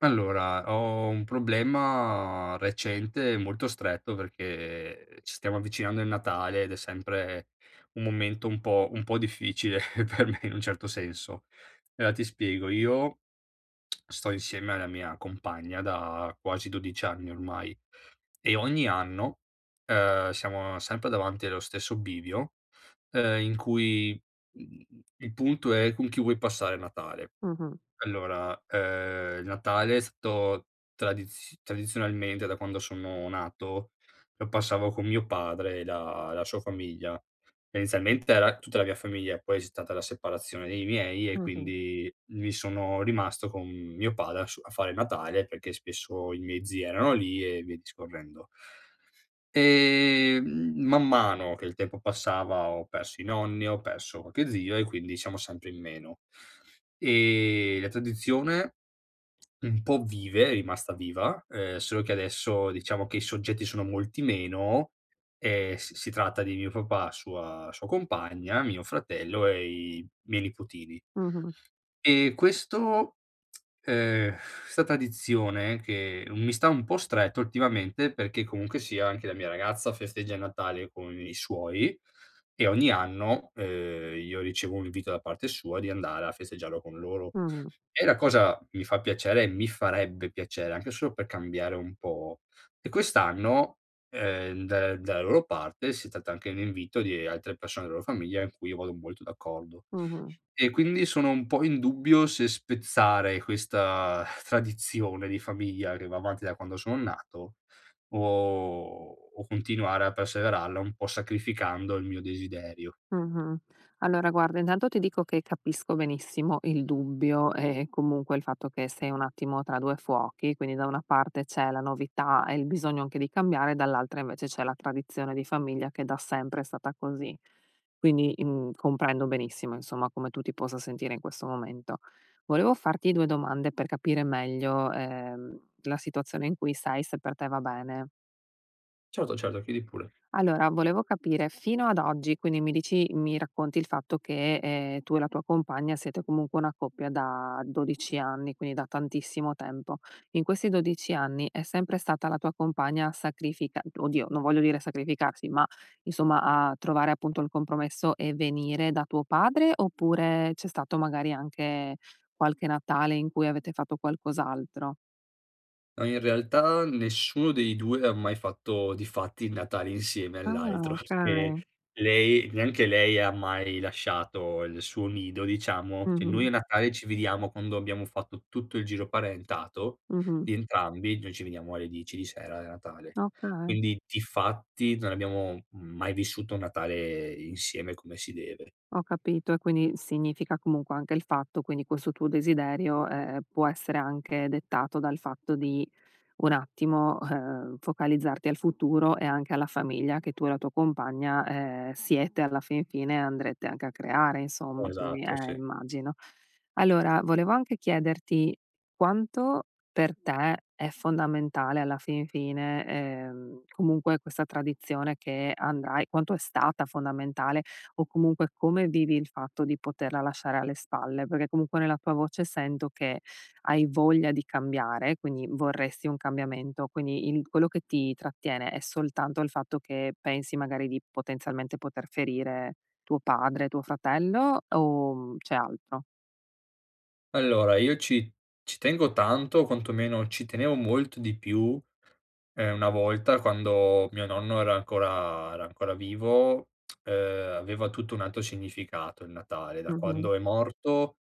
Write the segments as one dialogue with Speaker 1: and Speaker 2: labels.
Speaker 1: Allora, ho un problema recente e molto stretto, perché ci stiamo avvicinando al Natale, ed è sempre un momento un po' un po' difficile per me, in un certo senso. Ela ti spiego: io sto insieme alla mia compagna da quasi 12 anni ormai, e ogni anno, ehm, siamo sempre davanti allo stesso bivio, ehm, in cui, mhmm, i il punto è con chi vuoi passare Natale.
Speaker 2: Mh-mh.
Speaker 1: Allora, ehm, il Natale ehm è stato tradiz tradizionalmente, da quando sono nato, lo passavo con mio padre e la la sua famiglia, tendenzialmente era tutta la mia famiglia, e poi c'è stata la separazione dei miei, e
Speaker 2: Mh-mh.
Speaker 1: quindi mi sono rimasto con mio padre da s a fare il Natale, perché spesso i miei zii erano lì e via discorrendo ehm, man mano che il tempo passava ho perso i nonni, ho perso qualche zio e quindi siamo sempre in meno. Ehm, la tradizione un po' vive, è rimasta viva, ehm, solo che adesso diciamo che i soggetti sono molti meno, e s si tratta di mio papà, sua sua compagna, mio fratello e i miei nipotini.
Speaker 2: Mh-mh.
Speaker 1: E questo ehm, 'sta tradizione che mi sta un po' stretto ultimamente, perché comunque sia anche la mia ragazza festeggia il Natale con i suoi, e ogni anno, ehm, io ricevo un invito da parte sua di andare a festeggiarlo con loro.
Speaker 2: Mh.
Speaker 1: E la cosa mi fa piacere mi farebbe piacere, anche solo per cambiare un po'; e quest'anno, ehm, dalla dalla loro parte si tratta anche di un invito di altre persone de loro famiglia, in cui io vado molto d'accordo.
Speaker 2: Mh-mh.
Speaker 1: E quindi sono un po' in dubbio se spezzare questa tradizione di famiglia che va avanti da quando sono nato, o o continuare a perseverarla un po' sacrificando il mio desiderio.
Speaker 2: Mh-mh, allora guarda, intanto ti dico che capisco benissimo il dubbio, eh eh, comunque il fatto che sei un attimo tra 2 fuochi, quindi, da una parte c'è la novità e il bisogno anche di cambiare, dall'altra invece c'è la tradizione di famiglia che da sempre è stata così. Quindi, mhmm, comprendo benissimo, insomma, come tu ti possa sentire in questo momento. Volevo farti 2 domande per capire meglio, ehm, la situazione in cui sei se per te va bene.
Speaker 1: Certo, certo, chiedi pure.
Speaker 2: Allora, volevo capire fino ad oggi, quindi, mi dici mi racconti il fatto che, ehm, tu e la tua compagna siete comunque una coppia da 12 anni, quindi da tantissimo tempo, in questi 12 anni, è sempre stata la tua compagna a sacrifica oddio, non voglio dire sacrificarsi, ma insomma, a trovare appunto il compromesso, e venire da tuo padre, oppure c'è stato magari anche qualche Natale in cui avete fatto qualcos'altro?
Speaker 1: Ah, in realtà nessuno dei 2 ha mai fatto di fatti il Natale insieme
Speaker 2: Ah,
Speaker 1: all'altro.
Speaker 2: okay.
Speaker 1: Perché, lei neanche lei ha mai lasciato il suo nido, diciamo che noi a
Speaker 2: Mh-mh.
Speaker 1: Natale ci vediamo quando abbiamo fatto tutto il giro parentato
Speaker 2: Mh-mh.
Speaker 1: di entrambi. Noi ci vediamo alle 10 di sera a Natale.
Speaker 2: Okay.
Speaker 1: Quindi difatti, non abbiamo mai vissuto il Natale insieme come si deve.
Speaker 2: Ho capito, e quindi significa comunque anche il fatto, quindi, questo tuo desiderio, ehm, può essere anche dettato dal fatto di un attimo, uhm, focalizzarti al futuro, e anche alla famiglia che tu e la tua compagna, ehm, siete, alla fin fine andrete anche a creare insomma, poi,
Speaker 1: Esatto,
Speaker 2: ehm,
Speaker 1: sì.
Speaker 2: immagino. Allora, volevo anche chiederti, quanto per te è fondamentale alla fin fine, ehm, comunque questa tradizione che andrai quanto è stata fondamentale, o comunque come vivi il fatto di poterla lasciare alle spalle, perché comunque nella tua voce sento che, hai voglia di cambiare, quindi vorresti un cambiamento, quindi il quello che ti trattiene, è soltanto il fatto che pensi magari di, potenzialmente, poter ferire tuo padre, tuo fratello o, mhmm, c'è altro?
Speaker 1: Allora, io ci ci tengo tanto o quantomeno ci tenevo molto di più, ehm, una volta quando mio nonno era ancora era ancora vivo, ehm, aveva tutto un altro significato il Natale. Da
Speaker 2: Mh-mh.
Speaker 1: quando è morto,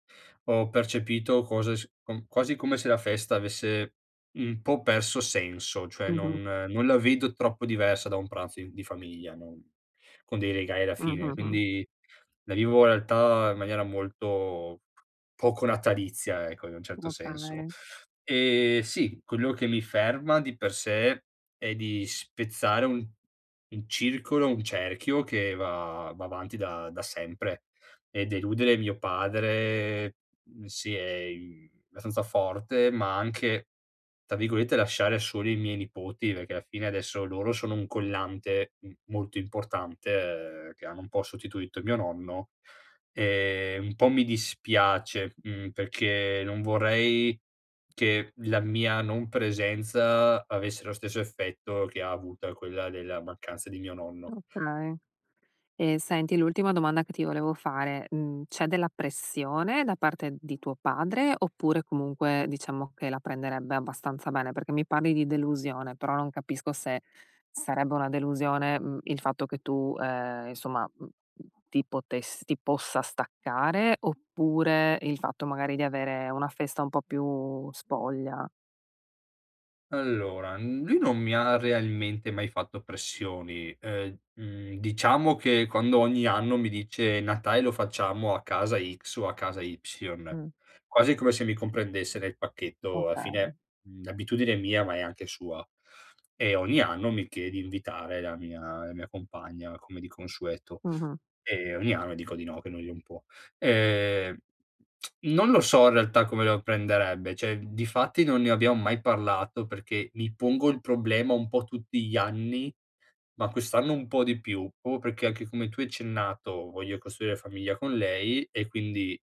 Speaker 1: ho percepito cose s com quasi come se la festa avesse un po' perso senso, cioè
Speaker 2: Mh-mh.
Speaker 1: non non la vedo troppo diversa da un pranzo in di famiglia, non con dei regali alla
Speaker 2: Mh,
Speaker 1: fine,
Speaker 2: mh, mh.
Speaker 1: quindi la vivo in realtà in maniera molto poco natalizia, ecco, in un certo senso.
Speaker 2: Okay.
Speaker 1: Ehm, sì, quello che mi ferma di per sé, è di spezzare un un circolo, un cerchio che va va avanti da da sempre, e deludere mio padre mhmm, sì e in abbastanza forte, ma anche tra virgolette "lasciare soli" i miei nipoti perché alla fine adesso loro sono un collante m molto importante, ehm, che hanno un po' sostituito mio nonno. Ehm, un po' mi dispiace, mhmm, perché non vorrei che la mia non presenza, avesse lo stesso effetto che ha avuta quella della mancanza di mio nonno.
Speaker 2: Okay, e senti, l'ultima domanda che ti volevo fare: mhmm, c'è della pressione da parte di tuo padre, oppure, comunque, diciamo che la prenderebbe abbastanza bene? Perché mi parli di delusione, però non capisco se, sarebbe una delusione, mhmm, il fatto che tu, ehm, insomma, mhmm, mhmm, ti potess ti possa staccare, oppure il fatto magari di avere una festa un po' più spoglia?
Speaker 1: Allora, n lui non mi ha realmente mai fatto pressioni, ehm, mhmm, diciamo che, quando ogni anno mi dice: "Natale lo facciamo a casa x o a casa y"
Speaker 2: Mh.
Speaker 1: quasi come se mi comprendesse nel pacchetto, alla
Speaker 2: Okay.
Speaker 1: fine, mhmm, l'abitudine è mia, ma è anche sua, e ogni anno mi chie di invitare la mia la mia compagna come di consueto,
Speaker 2: Mh-mh.
Speaker 1: e ogni anno dico di no, che noi non può. Ehm, non lo so in realtà come lo prenderebbe, cioè difatti non ne abbiam mai parlato, perché mi pongo il problema un po' tutti gli anni ma quest'anno un po' di più proprio, perché anche come tu hai accennato, voglio costruire famiglia con lei, e quindi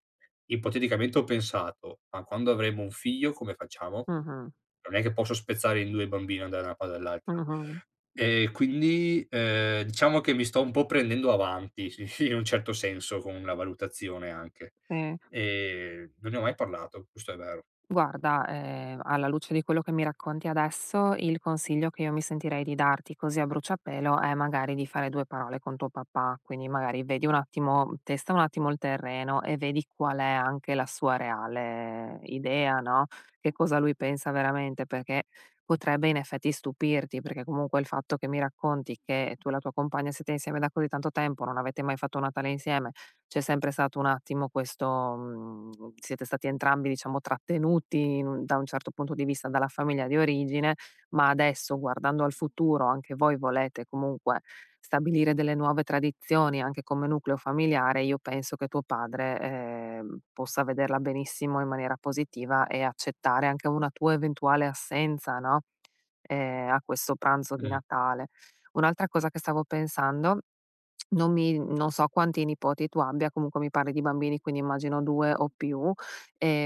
Speaker 1: ipoteticamente ho pensato: ma quando avremo un figlio, come facciamo?
Speaker 2: Mh-mh.
Speaker 1: Non è che posso spezzare in 2 il bambino e andà da 1 parte e dall'altra;
Speaker 2: Mh-mh.
Speaker 1: e quindi, ehm, diciamo che mi sto un po' prendendo avanti in un certo senso con una valutazione anche,
Speaker 2: Sì.
Speaker 1: ehm, non ne ho mai parlato, questo è vero.
Speaker 2: Guarda, ehm, alla luce di quello che mi racconti adesso, il consiglio che io mi sentirei di darti così a bruciapelo, è magari di fare 2 parole con tuo papà. Quindi, magari vedi un attimo, testa un attimo il terreno e vedi qual è anche la sua reale idea, no, che cosa lui pensa veramente, perché, potrebbe in effetti stupirti, perché comunque il fatto che mi racconti, che tu e la tua compagna siete insieme da così tanto tempo, non avete mai fatto un Natale insieme, c'è sempre stato un attimo questo mhmm, siete stati entrambi, diciamo, trattenuti in un da un certo punto di vista, dalla famiglia di origine, ma adesso guardando al futuro, anche voi volete, comunque, stabilire delle nuove tradizioni, anche come nucleo familiare, io penso che tuo padre, ehm, possa vederla benissimo in maniera positiva, e accettare anche una tua eventuale assenza, no, ehm, a questo pranzo di
Speaker 1: Mh-mh.
Speaker 2: Natale. Un'altra cosa che stavo pensando, non mi non so quanti nipoti tu abbia, comunque mi parli di bambini, quindi immagino 2 o più,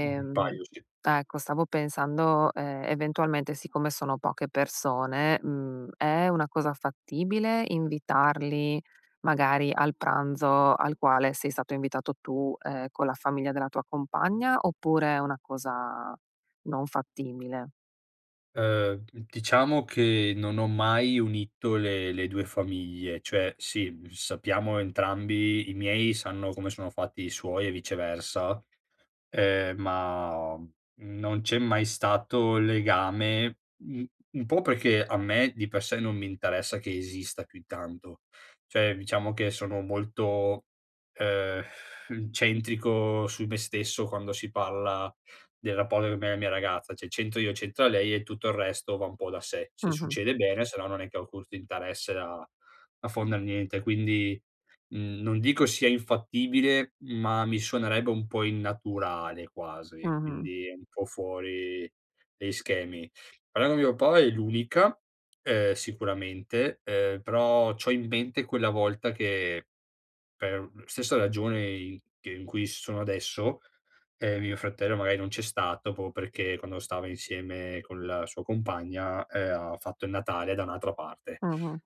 Speaker 1: Mh, un paio sì.
Speaker 2: ecco, stavo pensando, ehm, eventualmente siccome sono poche persone, mhmm, è una cosa fattibile invitarli, magari, al pranzo al quale sei stato invitato tu, ehm, con la famiglia della tua compagna, oppure è una cosa non fattibile?
Speaker 1: Ehm, d diciamo che non ho mai unito le le 2 famiglie, cioè, sì, sappiamo entrambi i miei sanno come sono fatti i suoi e viceversa, ehm, ma non c'è mai stato il legame un un po' perché a me di per sé, non mi interessa che esista più di tanto, cioè diciamo che sono molto, ehm, centrico su me stesso quando si parla del rapporto con me e la mia ragazza, cioè c'entro io, c'entra lei e tutto il resto va un po' da sé. Se
Speaker 2: Mh-mh.
Speaker 1: succede bene, se no non è che ho alcun st'interesse a a fonder niente quindi, mhmm, non dico sia infattibile, ma mi suonerebbe un po' innaturale quasi,
Speaker 2: Mh-mh.
Speaker 1: quindi un po' fuori degli schemi. Però mio padre è l'unica, ehm, sicuramente, ehm, però c'ho in mente quella volta che, per stessa ragione i che in cui sono adesso, ehm, mio fratello magari non c'è stato, proprio perché quando stava insieme con la sua compagna, ehm, ha fatto il Natale da un'altra parte.
Speaker 2: Mh-mh.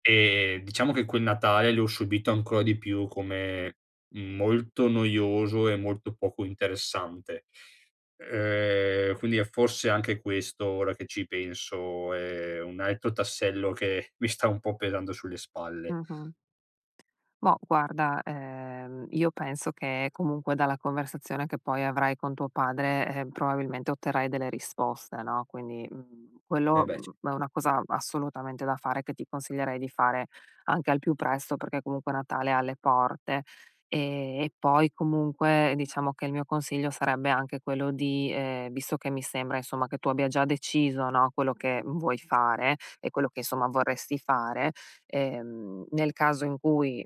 Speaker 1: Ehm, diciamo che quel Natale, l'ho subito ancora di più come, mhmm, molto noioso e molto poco interessante, ehm, quindi è forse anche questo, ora che ci penso, è un altro tassello che mi sta un po' pesando sulle spalle.
Speaker 2: Mh-mh. Boh guarda, ehm, io penso che comunque dalla conversazione che poi avrai con tuo padre, ehm, probabilmente otterrai delle risposte, no, quindi, mhmm,
Speaker 1: Eh,
Speaker 2: quello,
Speaker 1: beh ce
Speaker 2: mhmm, è una cosa assolutamente da fare, che ti consiglierei di fare anche al più presto, perché comunque Natale è alle porte. Ehm, e poi comunque, diciamo che il mio consiglio sarebbe anche quello di ehm, visto che mi sembra, insomma, che tu abbia già deciso, no, quello che vuoi fare e quello che insomma vorresti fare, ehm, nel caso in cui,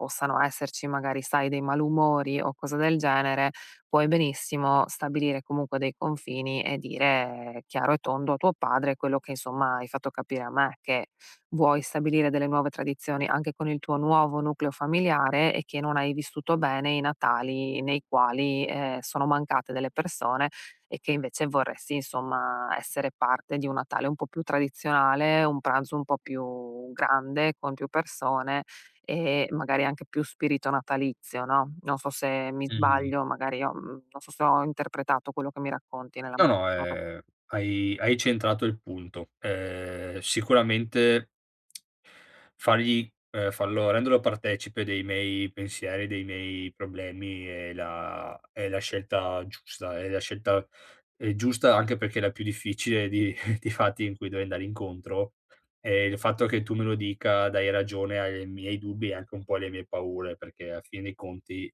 Speaker 2: possano esserci, magari sai, dei malumori o cose del genere, puoi benissimo stabilire comunque dei confini, e dire chiaro e tondo a tuo padre quello che, insomma, hai fatto capire a me: che vuoi stabilire delle nuove tradizioni, anche con il tuo nuovo nucleo familiare, e che non hai vissuto bene i Natali nei quali, ehm, sono mancate delle persone, e che invece vorresti insomma essere parte di un Natale un po' più tradizionale, un pranzo un po' più grande, con più persone, ehm, magari anche più spirito natalizio, no, non so se mi
Speaker 1: Mh-mh.
Speaker 2: sbaglio, magari ho, mhmm, non so se ho interpretato quello che mi racconti
Speaker 1: No, no,
Speaker 2: [unintelligible]
Speaker 1: ehm, hai hai centrato il punto. Ehm, sicuramente fargli ehm, farlo renderlo partecipe dei miei pensieri, dei miei problemi è la è la scelta giusta, è la scelta ehm, giusta, anche perché la più difficile, di di fatti in cui devo andare incontro, e il fatto che tu me lo dica, dai ragione ai miei dubbi, e anche un po' alle mie paure, perché alla fine dei conti,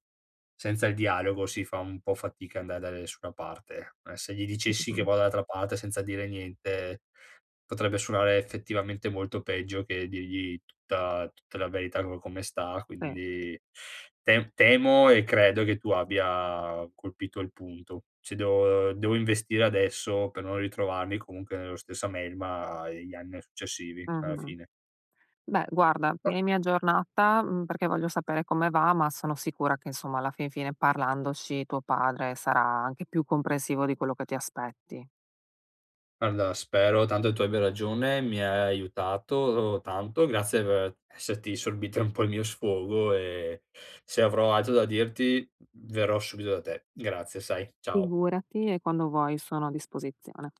Speaker 1: senza il dialogo si fa un po' fatica andare da nessuna parte. Eh, se gli dicessi che
Speaker 2: Mh-mh.
Speaker 1: vado dall'altra parte, senza dire niente, potrebbe suonare effettivamente molto peggio che dirgli tutta tutta la verità co come sta,
Speaker 2: Sì.
Speaker 1: quindi tem temo e credo che tu abbia colpito il punto, se devo devo investire adesso per non ritrovarmi comunque nello stessa melma gli anni a successivi alla
Speaker 2: Mh-mh.
Speaker 1: fine.
Speaker 2: Beh guarda, tienimi aggiornata, mhmm, perché voglio sapere come va, ma sono sicura che insomma, alla fin fine, parlandoci tuo padre sarà anche più comprensivo di quello che ti aspetti.
Speaker 1: Guarda, spero tanto tu abbia ragione, mi hai aiutato tanto. Grazie per esserti sorbita un po' il mio sfogo, e se avrò altro da dirti, verrò subito da te. Grazie, sai. Ciao.
Speaker 2: Figurati e quando vuoi sono a disposizione.